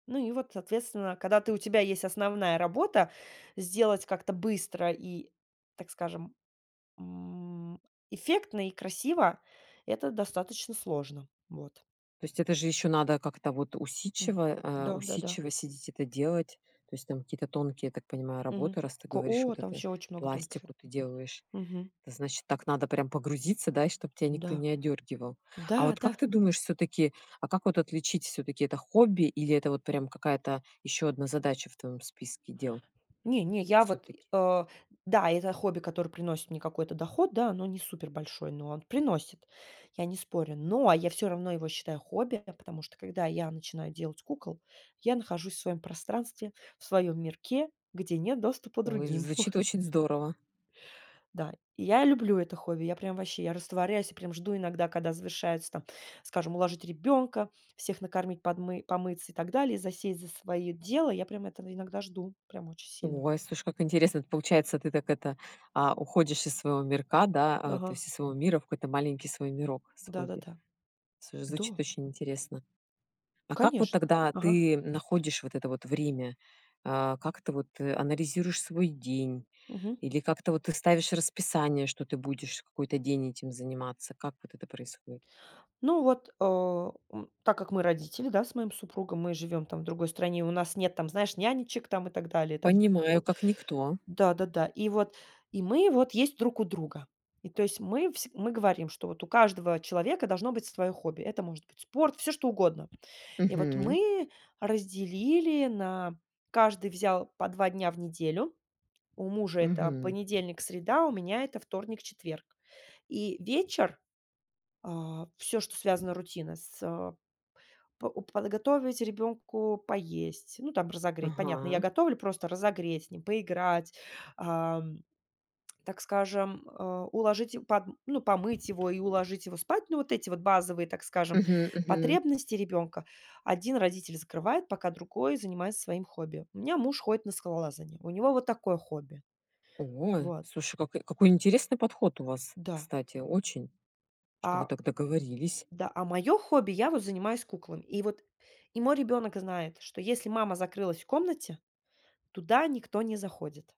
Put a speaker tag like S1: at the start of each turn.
S1: Ну и вот, соответственно, когда ты, у тебя есть основная работа, сделать как-то быстро и, так скажем, м, эффектно и красиво, это достаточно сложно. Вот.
S2: То есть, это же ещё надо как-то, вот
S1: М,
S2: усидчиво, э,
S1: да, да-да.
S2: усидчиво сидеть это делать. То есть, там какие-то тонкие, я так понимаю,
S1: Мгм.
S2: работы, раз ты
S1: Ко
S2: говоришь,
S1: О!
S2: вот
S1: Там
S2: это,
S1: вообще очень много
S2: пластику
S1: тонкефер.
S2: ты делаешь.
S1: Мгм.
S2: Это значит так надо прям погрузиться, да, и чтобы тебя
S1: М-да.
S2: никто не одёргивал.
S1: Да
S2: А вот
S1: да.
S2: как ты думаешь, всё-таки, а как вот отличить всё-таки это хобби, или это вот прям какая-то ещё одна задача в твоём списке дел?
S1: Не не, я вот,
S2: Всё-таки.
S1: э Да, это хобби, которое приносит мне какой-то доход, да, оно не супер большой, но он приносит, я не спорю. Но, я всё равно его считаю хобби, я потому что когда я начинаю делать кукол, я нахожусь в своём пространстве, в своём мирке, где нет доступа
S2: Ой,
S1: другим.
S2: звучит очень здорово.
S1: Да, я люблю это хобби. Я прям ваще, я растворяюсь и прям жду иногда, когда завершается, там, скажем: уложить ребёнка, всех накормить, подмы помыться и так далее, и засесть за своё дело. Я прям это иногда жду, прям очень сильно.
S2: Ой, слушай, как интересно. Это получается, ты так это, а, уходишь из своего мирка, да, а, то
S1: Ага.
S2: есть из своего мира в какой-то маленький свой мирок с хобби.
S1: Да-да-да.
S2: Всё,
S1: Да.
S2: звучит очень интересно. А как вот
S1: Конечно.
S2: тогда
S1: Ага.
S2: ты находишь вот это вот время? А, как ты вот, э, анализируешь свой день?
S1: Мгм.
S2: Или как-то вот ты ставишь расписание, что ты будешь какой-то день этим заниматься? Как вот это происходит?
S1: Ну вот, а, м, так как мы родители, да, с моим супругом, мы живем там в другой стране, у нас нет, там, знаешь, нянечек там и так далее, и там.
S2: Понимаю,
S1: Вот
S2: как никто.
S1: Да да да, и вот, и мы вот есть друг у друга. И то есть мы всег мы говорим, что вот у каждого человека должно быть свое хобби. Это может быть спорт, всё что угодно. И вот
S2: Мгм.
S1: мы разделили на каждый взял по 2 дня в неделю. У мужа это
S2: Мгм.
S1: понедельник, среда, у меня это вторник, четверг. И вечер, а, всё, что связано рутина с а, по уп подготовить ребенку поесть, ну, там, разогреть, понятно. Я
S2: Ага.
S1: готовлю, просто разогреть, с ним поиграть, ам, так скажем, а, уложить им подм ну, помыть его и уложить его спать. Ну, вот эти вот базовые, так скажем,
S2: Мгм мгм.
S1: потребности ребенка. Один родитель закрывает, пока другой занимается своим хобби. У меня муж ходит на скалолазание, у него вот такое хобби.
S2: Ой,
S1: Вот.
S2: слушай, как, э, какой интересный подход у вас,
S1: Да.
S2: кстати, очень, что вы
S1: А.
S2: так договорились.
S1: Да, а, моё хобби, я вот занимаюсь куклами. И вот, и мой ребёнок знает, что если мама закрылась в комнате, туда никто не заходит.